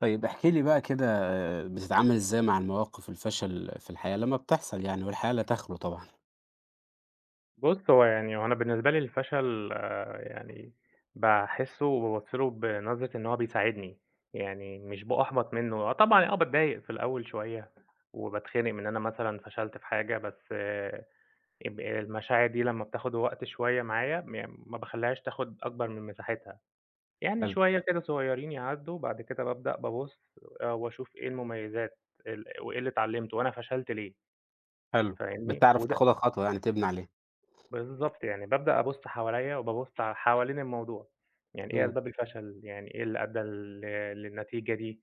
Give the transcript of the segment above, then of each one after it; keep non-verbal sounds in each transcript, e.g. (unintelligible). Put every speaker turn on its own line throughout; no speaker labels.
طيب احكِ لي بقى كده بتتعامل إزاي مع المواقف الفشل في الحياة لمّا بتحصل يعني؟ والحياة لا تخلو طبعًا.
بُص هو يعني هو أنا بالنسبة لي الفشل يعني باحسه وبابُص له بنظرة إن هو بيساعدني، يعني مش بأُحبط منه. آه طبعًا، آه باتضايق في الأول شوية وباتخنق من أنا مثلًا فشلت في حاجة بس اب المشاعر دي لمّا بتاخد وقت شوية معايا م ما باخلّيهاش تاخد أكبر من مساحتها. يعني
حلو.
شوية كده صغيرين يعدّوا، وبعد كده بابدأ بابُص آآ وأشوف إيه المميزات ال وإيه اللي اتعلمته، وأنا فشلت ليه.
حلو،
فاهمني؟
بتعرف
وده
تاخدها خطوة يعني تبني عليها.
بالضبط، يعني بابدأ أبص حوليَّ وبابُص ع حوالين الموضوع، يعني إيه
إمم.
أسباب الفشل، يعني إيه اللي أدى لل للنتيجة دي،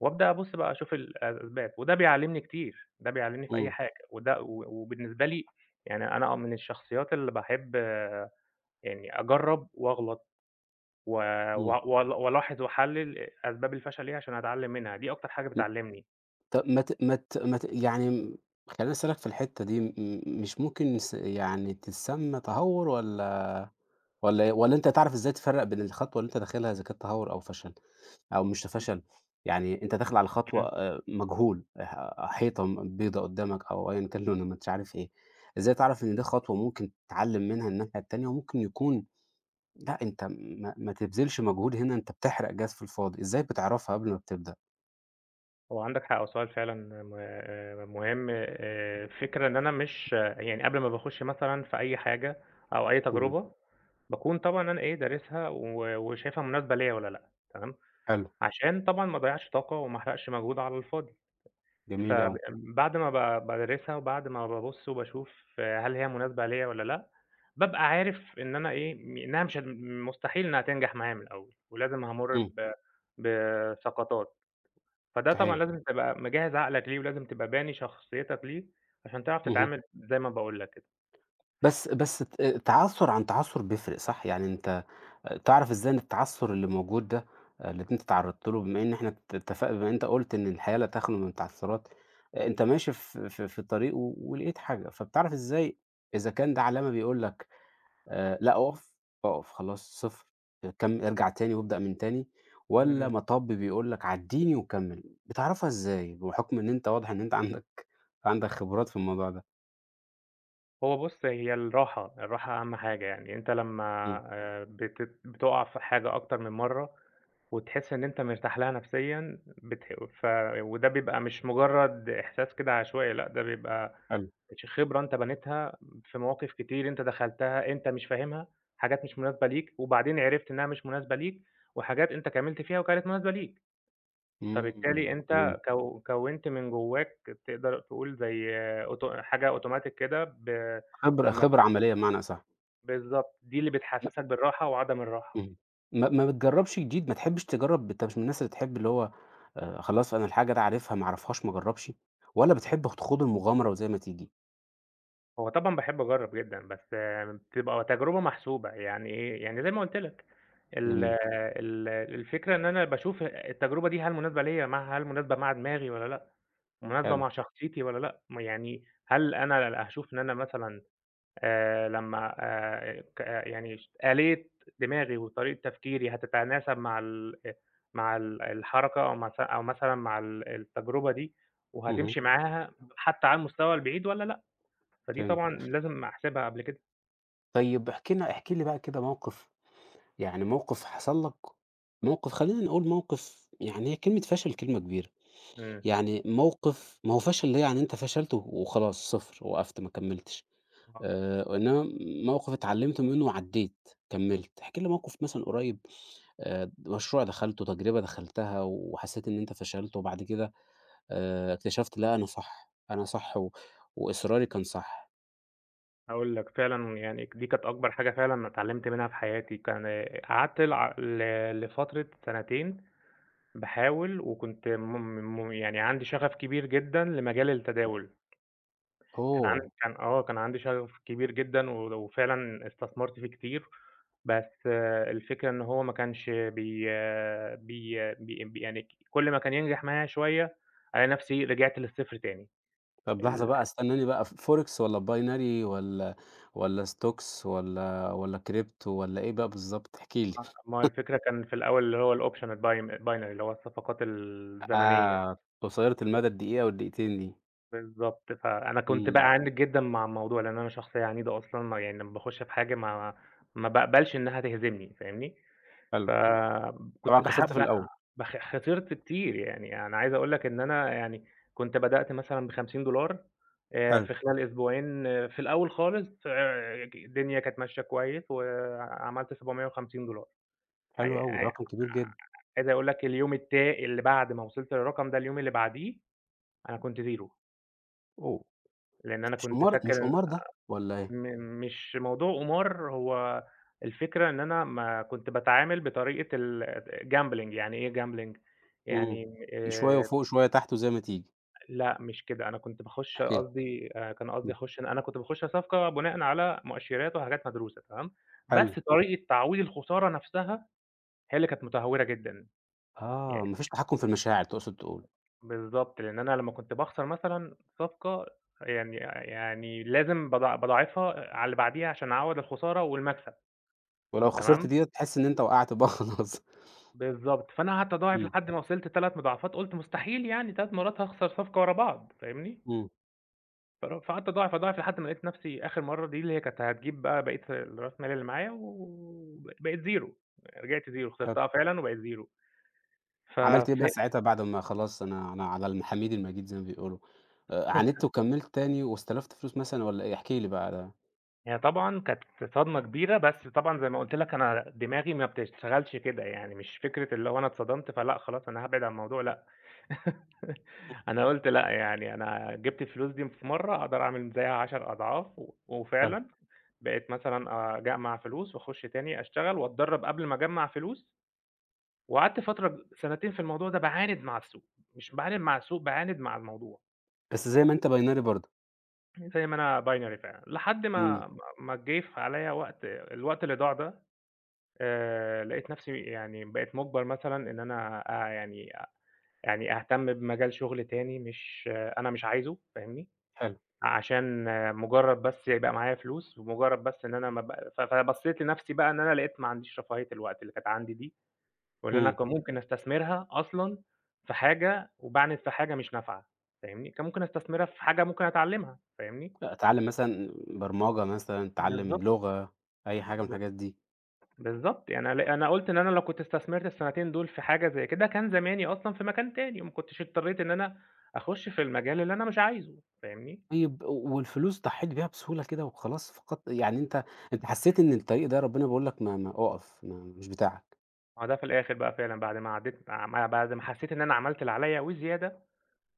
وأبدأ أبص بقى أشوف الأسباب وده بيعلمني كتير، ده بيعلمني في أي
إمم.
حاجة، وده و وبالنسبة لي يعني أنا آه من الشخصيات اللي باحب يعني أجرب وأغلط و
إمم.
وأ وأل وألاحظ وأحلل أسباب الفشل إيه عشان أتعلم منها، دي أكتر حاجة
م
بتعلمني.
طب ما ت ما ت ما ت يعني امم، خلّيني أسألك في الحتة دي م مش ممكن نس يعني تتسمى تهور والّا والّا إيه؟ والّا أنت هتعرف إزاي تفرق بين الخطوة اللي أنت داخلها إذا كانت تهور أو فشل؟ أو مش
م
فشل، يعني أنت داخل على خطوة
امم.
آآ مجهول، ح حيطة م بيضة قدامك أو أيًا كان لونها ما أنتش عارف إيه. إزاي تعرف إن دي خطوة ممكن تتعلم منها الناحية التانية وممكن يكون لأ، أنت ما ما تبذلش مجهود هنا أنت بتحرق جاز في الفاضي، إزاي بتعرفها قبل ما بتبدأ؟
هو عندك حق، وسؤال فعلًا م مهم. آآ الفكرة إن أنا مش يعني قبل ما باخش مثلًا في أي حاجة أو أي
اهم.
تجربة، باكون طبعًا أنا ايه، دارسها و وشايفها مناسبة ليّا والّا لأ، تمام،
حلو.
عشان طبعًا ما اضيعش طاقة وما احرقش مجهود على الفاضي.
جميل
فب
أوي.
بعد ما ب بادرسها وبعد ما بابص وباشوف هل هي مناسبة ليّا والّا لأ، بابقى عارف إن أنا ايه، إنها مش هت مستحيل إنها تنجح معايا من الأول، ولازم هامر
إمم.
ب بسقطات، فده طبعًا
صحيح.
لازم تبقى مجهز عقلك ليه، ولازم تبقى باني شخصيتك ليه عشان تعرف
اهم.
تتعامل زي ما باقول لك كده.
بس بس ت تعثر عن تعثر بيفرق صح؟ يعني أنت تعرف إزاي إن التعثر اللي موجود ده اللي أنت تعرضت له، بما إن إحنا ات اتفقنا بما أنت قلت إن الحياة لا تخلو من التعثرات، أنت ماشي في في في الطريق و ولقيت حاجة، فبتعرف إزاي إذا كان ده علامة بيقول لك آآ، لأ، أقف، أقف خلاص، 0 كم ارجع تاني وابدأ من تاني، والَّا
إمم.
مطب بيقول لك عديني وكمل؟ بتعرفها إزاي، بحكم إن أنت واضح إن أنت عندك عندك خبرات في الموضوع ده؟
هو بُص هي الراحة، الراحة أهم حاجة، يعني أنت لمّا
إمم.
آآ بتت بتُقع في حاجة أكتر من مرّة وتحس إن أنت مرتاح لها نفسيًا بتح ف وده بيبقى مش مجرد إحساس كده عشوائي، لأ، ده بيبقى
حلو.
ش خبرة أنت بنيتها في مواقف كتير أنت دخلتها أنت مش فاهمها، حاجات مش مناسبة ليك، وبعدين عرفت إنها مش مناسبة ليك وحاجات أنت كملت فيها وكانت مناسبة ليك.
إمم،
فبالتالي
فهمت.
أنت كو كوِّنت من جوّاك تقدر تقول زي أوتو حاجة أوتوماتيك كده ب
خبرة
لمّا
خبرة
ب
عملية بمعنى أصح.
بالضبط، دي اللي
م
بتحسسك بالراحة وعدم الراحة.
اهم، ما ما بتجربش جديد، ما تحبش تجرب، أنت مش من الناس اللي تحب اللي هو خلاص أنا الحاجة ده عارفها ما أعرفهاش ما أجربش والّا بتحب خ تخوض المغامرة وزي ما تيجي؟
هو طبعًا باحب أجرب جدًا، بس بتبقى تجربة محسوبة، يعني إيه؟ يعني زي ما قلُت لك، ال
جميل.
ال الفكرة إن أنا باشوف التجربة دي هل مناسبة ليَّ مع هل مناسبة مع دماغي والّا لأ، مناسبة
حلو.
مع شخصيتي والّا لأ، م يعني هل أنا هاشوف إن أنا مثلًا آآ لمّا آآ ك يعني ش آلية دماغي وطريقة تفكيري حتتناسب مع ال مع ال الحركة أو معث أو مثلًا مع ال التجربة دي،
اهم.
وهتمشي معاها حتى على المستوى البعيد والّا لأ. فدي طبعًا
فهمت.
لازم أحسبها قبل كده.
طيب احكِ لنا احكِ لي بقى كده موقف، يعني موقف حصل لَك، موقف خلّينا نقول موقف يعني هي كلمة فشل كلمة كبيرة
إمم.
يعني موقف ما هو فشل ده يعني أنت فشلت وخلاص 0 وقفت ما كملّتش
آه
آآ، إنما موقف اتعلمت منه وعدّيت، كملّت. احكِ لي موقف مثلًا قُريب آآ، مشروع دخلته، تجربة دخلتها، وحسيت إن أنت فشلت وبعد كده آآ، اكتشفت لأ، أنا صح، أنا صح و وإصراري كان صح.
هاقول لَك، فعلًا يعني دي كانت أكبر حاجة فعلًا أنا اتعلمت منها في حياتي، كان آآ، قعدت ل لفترة سنتين باحاول، وكنت م م يعني عندي شغف كبير جدًا لمجال
اهم.
التداول. كان عند
اوه!
آه، كان عندي شغف كبير جدًا ول وفعلًا استثمرت فيه كتير، بس الفكرة إن هو ما كانش بي بي بي يعني كل ما كان ينجح معايا شوية، ألاقي نفْسي رِجْعت للصفر تاني
طب، لحظة
ال
بقى، استناني بقى ف forex والّا binary والّا والّا stocks والّا والّا crypto والّا إيه بقى بالضبط؟ احكِ لي.
آه، ما هو
(chuckles)
الفكرة كان في الأول اللي هو الoption الbim الbinary، اللي هو الصفقات الزمنية.
آه، قصيرة المدى الدقيقة والدقيقتين دي.
بالضبط، فأنا كنت
إمم.
بأَعَنِد جدًا مع الموضوع، لأن أنا شخصية عنيدة أصلًا ما يعني لمّا باخش بحاجة ما ما باقبلش إنها تهزمني، فاهمني.
حلو. طبعًا
فكنت
خسرت في
باحب أ
الأول.
باخ خسرت كتير، يعني أنا عايز أقول لك إن أنا يعني كنت بدأت مثلًا ب$50 آآ
حلو.
في خلال أسبوعين في الأول خالص آآ ك الدنيا كانت ماشية كويس وعملت $750. ع
حلو أوي، ده
ع
رقم كبير جد
عايز أقول لك اليوم التا اللي بعد ما وصلت للرقم ده، اليوم اللي بعديه، أنا كنت 0.
أوه!
لأن أنا
مش
كنت
قمار مش
فاكر
قمار ده والّا إيه؟
م مش موضوع قمار، هو الفكرة إن أنا ما كنت باتعامل بطريقة الgambling يعني إيه gambling
إمم،
يعني
أ شوية
آآ
وفوق، شوية تحت، وزي ما تيجي.
لأ، مش كده. أنا كنت باخُش
احكِ لي،
قصدي أنا كان قصدي
أمم.
أخُش أنا أنا كنت باخُش صفقة بناءً على مؤشِرات وحاجات مدروسة، تمام، بس
حلو.
طريقة تعويض الخسارة نفسها هي اللي كانت متهورة جدًا.
آه،
يعني
ما فيش تحكُم في المشاعر تقصد تقول.
بالضبط، لأن أنا لمّا كنت باخسر مثلًا صفقة يعني يعني لازم باضاع باضاعفها على اللي بعديها عشان أعوّض الخسارة والمكسب،
ولو خسرت
تمام.
دِيَّة تحس إن أنت وقعت بقى (chuckles) خلاص.
بالضبط، فأنا قعدت أضاعف
إمم.
لحد ما وصلت 3 مضاعفات، قُلت: "مستحيل يعني 3 مرات هاخسر صفقة ورا بعض." فاهمني؟
إمم.
فرو فقعدت اضاعف، اضاعف لحد ما لقيت نفسي آخر مرة دي، اللي هي كانت هتجيب بقى بقية الراس مال اللي معايا، وب بقيت 0 رجعت 0
حلو.
خسرتها فعلًا وبقيت 0 ف
عملت إيه
ف
بقى ساعتها بعد ما خلاص أنا أنا على الحميد المجيد زي ما بيقولوا؟ آآ، عاندت
(chuckles)
وكملت تاني واستلفت فلوس مثلًا والّا إيه؟ احكِ لي بقى على
هي طبعًا كانت صدمة كبيرة، بس طبعًا زي ما قلت لك أنا دماغي ما بتشتغلش كده، يعني مش فكرة اللي هو أنا اتصدمت فلأ، خلاص أنا هابعد عن الموضوع لأ. (chuckles)
(unintelligible)
أنا قلت لأ، يعني أنا جِبت الفلوس دي في مرة أقدر أعمل زيها عشر أضعاف، و
حلو.
وفعلًا بقيت مثلًا أجمع فلوس، وأخش تاني أشتغل وأتدرب قبل ما أجمع فلوس، وقعدت فترة ب سنتين في الموضوع ده، باعاند مع السوق، مش باعاند مع السوق باعاند مع الموضوع.
بس زي ما أنت Binary برضه.
زي ما أنا Binary فعلًا، لحد
امم.
ما ما ما جه في عليّا وقت، الوقت اللي ضاع ده آآ، لقيت نفسي يعني بقيت مجبر مثلًا إن أنا أ يعني يعني أهتم بمجال شغل تاني، مش أنا مش عايزه فاهمني؟
حلو.
عشان مجرد بس يبقى معايا فلوس، مجرد بس إن أنا ما بق ف فبصيت لنفسي بقى إن أنا لقيت ما عنديش رفاهية الوقت اللي كانت عندي دي، واللي أنا
امم.
ممكن أستثمرها أصلًا في حاجة، وباعند في حاجة مش نافعة فاهمني؟ كان ممكن أستثمرها في حاجة ممكن أتعلمها فاهمني؟
أ اتعلم مثلًا برمجة، مثلًا اتعلم
بالضبط
لغة، أي حاجة من
ب
الحاجات دي.
بالضبط يعني أنا ل أنا قلت إن أنا لو كنت استثمرت السنتين دول في حاجة زي كده، كان زماني أصلًا في مكان تاني، ما كنتش اضطريت إن أنا أخش في المجال اللي أنا مش عايزه فاهمني؟
طيب، والفلوس ضحيت بيها بسهولة كده وخلاص فقدت يعني أنت أنت حسيت إن الطريق ده ربنا بيقول لك ما ما أقف ما مش بتاعك.
آه، ده في الآخر بقى فعلًا بعد ما عدّيت ما بعد ما حسيت إن أنا عملت اللي عليَّ وزيادة،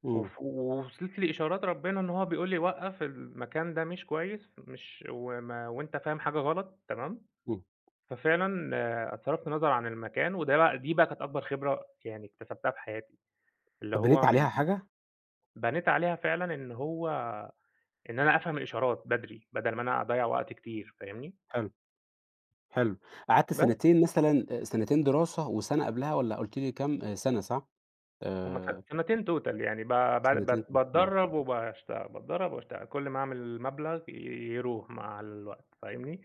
إمم.
وف وصلت لإشارات ربنا إن هو بيقول لي وقَّف، المكان ده مش كويس، مش وما وأنت فاهم حاجة غلط، تمام.
إمم.
ففعلًا، صرفت نظر عن المكان، وده بقى دي بقى كانت أكبر خبرة يعني اكتسبتها في حياتي، اللي
طب بنيت
هو من
عليها حاجة؟
بنيت عليها فعلًا إن هو إن أنا أفهم الإشارات بدري بدل ما أنا أضَّيع وقت كتير، فاهمني؟
حلو، حلو. قعدت
بس.
سنتين مثلًا سنتين دراسة وسنة قبلها والّا قُلت لي كام سنة صح؟
هم س
آآ
سنتين توتال يعني ب بع ب
سنتين (unintelligible) امم.
باتدرب وباشت باتدرب وباشتغل، كل ما أعمل مبلغ يروح مع الوقت، فاهمني.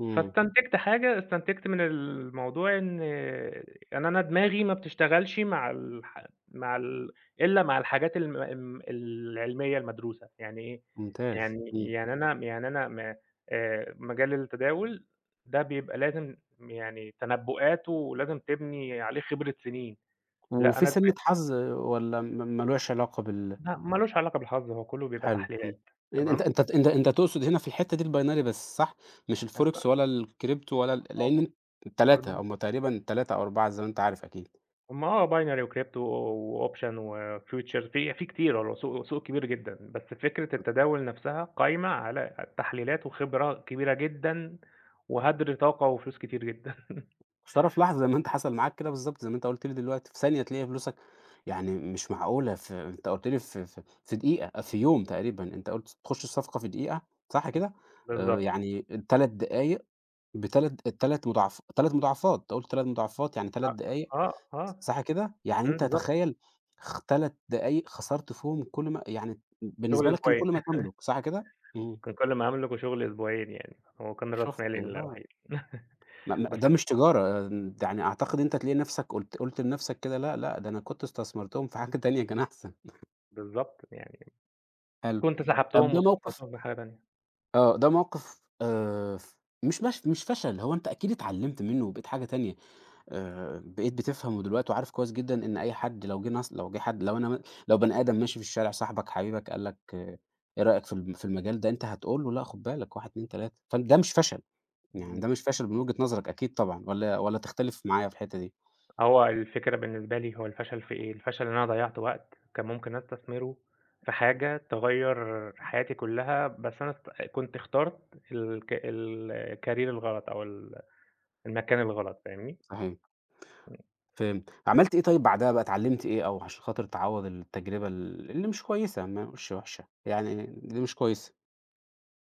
إمم.
فاستنتجت حاجة، استنتجت من الموضوع إن يعني أنا دماغي ما بتشتغلش مع الح مع ال إلا مع الحاجات الم العلمية المدروسة. يعني إيه؟
ممتاز،
يعني
إمم.
يعني أنا يعني أنا ما آآ مجال التداول ده بيبقى لازم يعني تنبؤات، ولازم تبني عليه خبرة سنين، لأ
وفي
أنا
سِنة
دما
حظ والّا م م مالهوش علاقة بال
لأ، مالوش علاقة بالحظ، هو كله بيبقى
حلو، إمم،
تحليلات،
(unintelligible) أنت
تمام.
أنت أنت تقصد هنا في الحتة دي الBinary بس صح؟ مش الForex
(unintelligible)
ولا الCrypto ولا ال لأن أن ال3،
(unintelligible)
هم تقريبًا 3 أو 4 زي ما أنت عارف أكيد.
هم آه binary وcrypto وoption وfuture فيه فيه كتير والله سوق سوق كبير جدًا، بس فكرة
أ
التداول نفسها قايمة على التحليلات وخبرة كبيرة جدًا، وهدر طاقة وفلوس كتير جدًا.
يا ترى في
(chuckles)
لحظة زي ما أنت حصل معاك كده بالضبط، زي ما أنت قُلت لي دلوقتي، في ثانية تلاقي فلوسك يعني مش معقولة، ف أنت قلت لي في في في دقيقة، في يوم تقريبًا، أنت قلت تخش الصفقة في دقيقة صح
بال
كده؟ آآ،
بالضبط.
يعني 3 دقايق ب3 ال3 مضاعف 3 مضاعفات، أنت قُلت 3 مضاعفات يعني 3
أ
دقايق
آه، آه،
صح كده؟ يعني
إمم،
أنت
بالضبط.
تخيل خ 3 دقايق خسرت فيهم كل ما يعني بالنسبة
شُغل
لك كان
أسبوعين.
كل ما تملك صح كده؟
(chuckles)
إمم.
كان كل ما أملك وشُغل أسبوعين، يعني هو كان راس
شُفت
مالي
لا.
الوحيد
م
(chuckles)
م
بس
ده
أن
مش تجارة، يعني أعتقد إن أنت تلاقي نفسك قُلت قُلت لنفسك كده لأ، لأ، ده أنا كنت استثمرتهم في حاجة تانية كان أحسن.
بالضبط، يعني
حلو.
كنت
طب،
سحبتهم،
ده موقِف
واستثمرتهم في حاجة تانية.
آه، ده موقِف آآ ف مش مش مش فشل، هو أنت أكيد اتعلمت منه وبقيت حاجة تانية، آآ، بقيت بتفهم ودلوقتي وعارف كويس جدًا إن أي حد لو جه ناص لو جه حد، لو أنا م لو بني آدم ماشي في الشارع، صاحبك حبيبك، قال لك إيه رأيك في ال في المجال ده؟ أنت هتقول له لأ خُد بالك 1، 2، 3 فده مش فشل يعني،
إمم.
ده مش فشل من وجهة نظرك أكيد طبعًا، والّا والّا تختلف معايا في الحتة دي؟
هو الفكرة بالنسبة لي هو الفشل في ايه؟ الفشل إن أنا ضيَّعت وقت كان ممكن أستثمره في حاجة تغيّر حياتي كلها، بس أنا است كنت اخترت الك ال الcareer الغلط أو ال المكان الغلط فاهمني؟
صحيح.
امم.
فهمت. عملت إيه طيب بعدها بقى، اتعلمت إيه أو عشان خاطر تعوّض التجربة ال اللي مش كويسة يعني ما نقولش وحشة يعني اللي مش كويسة؟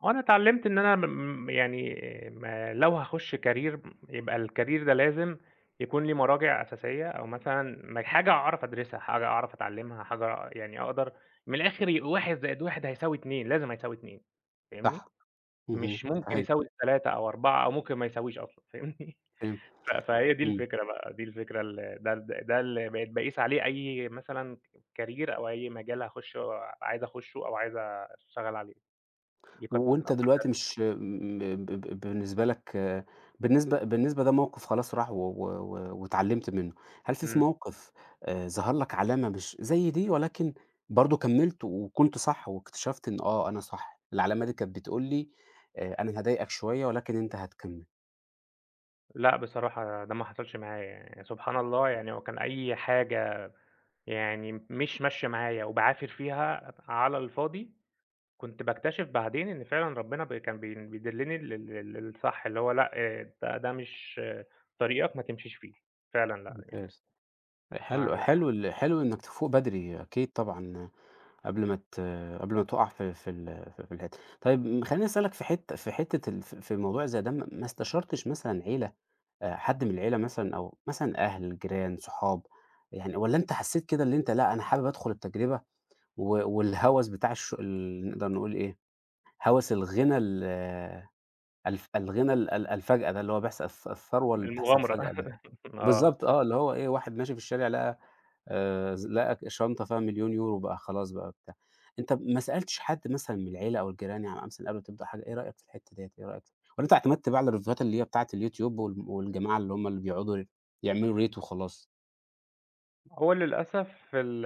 وأنا اتعلمت إن أنا م يعني ما لو هاخش career يبقى الcareer ده لازم يكون ليه مراجع أساسية، أو مثلًا م حاجة أعرف أدرسها، حاجة أعرف أتعلمها، حاجة يعني أقدر من الآخر 1+1 هيساوي 2، لازم هيساوي 2، فاهمني،
صح اهم،
مش ممكن
ايوه.
يساوي 3 أو 4 أو ممكن ما يساويش أصلًا، فاهمني
فهمت،
ف فهي دي
إمم.
الفكرة بقى، دي الفكرة اللي ده ده اللي بقيت باقيس عليه أي مثلًا career أو أي مجال هاخشه آآ عايز أخشه أو عايز اشتغل عليه.
وأنت دلوقتي
(unintelligible)
مش م ب ب بالنسبة لك، بالنسبة بالنسبة ده موقف خلاص راح، و و و واتعلمت منّه. هل في
إمم.
موقف آآ ظهر لك علامة مش زي دي، ولكن برضو كملت وكنت صح، واكتشفت إنّه آه أنا صح. العلامة دي كانت بتقول لي آآ أنا هاضايقك شويّة، ولكن أنت هتكمل.
لأ بصراحة ده ما حصلش معايا يعنى، سبحان الله يعني لو كان أي حاجة يعني مش ماشية معايا وباعافر فيها على الفاضي، كنت باكتشف بعدين إن فعلًا ربنا بي كان بيدلني لل للصح, اللي هو لأ آآ ده ده مش طريقك ما تمشيش فيه فعلًا لأ
ممتاز،
(unintelligible)
حلو
معلّقة.
حلو ال حلو إنّك تفوق بدري، أكيد طبعًا قبل ما ت قبل ما تقّع في في ال في ال (unintelligible) طيّب خلّيني أسألك في حتّة في حتّة ال في في الموضوع زي ده، ما استشرتش مثلًا عيلة، آآ حد من العيلة مثلًا، أو مثلًا أهل، جيران، صحاب يعني، والّا أنت حسّيت كده إن أنت لأ أنا حابب أدخل التجربة، و والهوس بتاع الش ال نقدر نقول إيه هوس الغِنى ال الف الغنى ال ال الفجأة ده، اللي هو بيحصل الـث الث الثروة اللي بتحصل فجأة
المغامرة
ده.
(laughs) آه.
بالضبط، آه، اللي هو إيه، واحد ماشي في الشارع، لقى آآ، ز لقى شنطة فيها 1,000,000€، بقى خلاص بقى بتاع. أنت ما سألتش حد مثلًا من العيلة أو الجيران يعني مثلًا قبل ما تبدأ حاجة. إيه رأيك في الحتّة ديّة، إيه رأيك والّا أنت اعتمدت بقى على الريفيوهات اللي هي بتاعة الYouTube، وال والجماعة اللي هم اللي بيقعدوا يعملوا ريت وخلاص؟
هو للأسف ال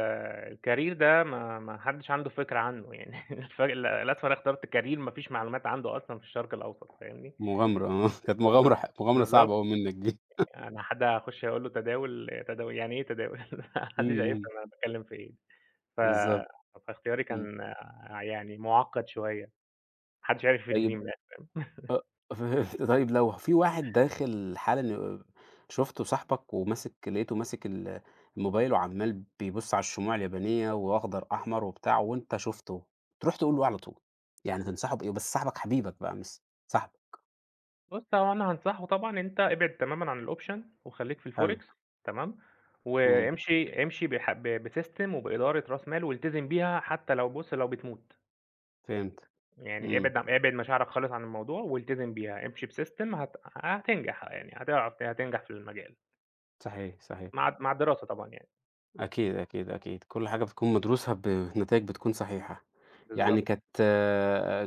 الكارير ده، ما ما حدّش عنده فكرة عنّه. يعني الفرق ل للأسف أنا اخترت كارير ما فيش معلومات عنده أصلًا في الشرق الأوسط فاهمني؟
مُغامرة آه. كانت
بالض
مُغامرة ح مُغامرة صعبة
بالضبط.
أوي منّك دي. (chuckles)
أنا حد هاخُش أقول له تداول، تداول! يعني إيه تداول؟ (laughs) ما
إمم،
حدّش
إمم.
هيفهم انا باتكلّم في إيه، ف
بالضبط.
فاختياري
إمم.
كان يعني مُعقّد شوية. ما حدّش عِرف يفيدني فيه
طيب
من الآخر. (chuckles)
أ فهمت طيب لو في واحد داخل حالًا ي شُفته صاحبك، وماسك لقيته ماسك ال الموبايل، وعمّال بيبُص على الشموع اليابانية، وأخضر، أحمر، وبتاع، وأنت شُفته. تروح تقول له إيه على طول؟ يعني تنصحه بإيه؟ بس صاحبك حبيبك بقي مس صاحبك.
بُص، هو أنا هانصحه طبعًا أنت ابعد تمامًا عن الoption وخلّيك في
حلو.
الforex تمام؟
إمم.
وامشي امشي بح ب بsystem، وبإدارة راس مال، والتزم بيها حتّى لو بُص، لو بتموت.
فهمت.
يعني
إمم.
ابعد عن ابعد مشاعرك خالص عن الموضوع، والتزم بيها. امشي بsystem هت هتنجح. يعني هتع هتنجح في المجال.
صحيح، صحيح.
مع الد مع الدراسة طبعًا يعني.
أكيد، أكيد، أكيد. كل حاجة بتكون مدروسة بنتائج بتكون صحيحة. يعني
بالضبط.
كانت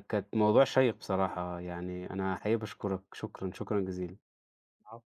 كانت موضوع شَيّق بصراحة، يعني أنا حقيقي باشكُرك. شكرًا، شكرًا جزيلًا.
عفوًا.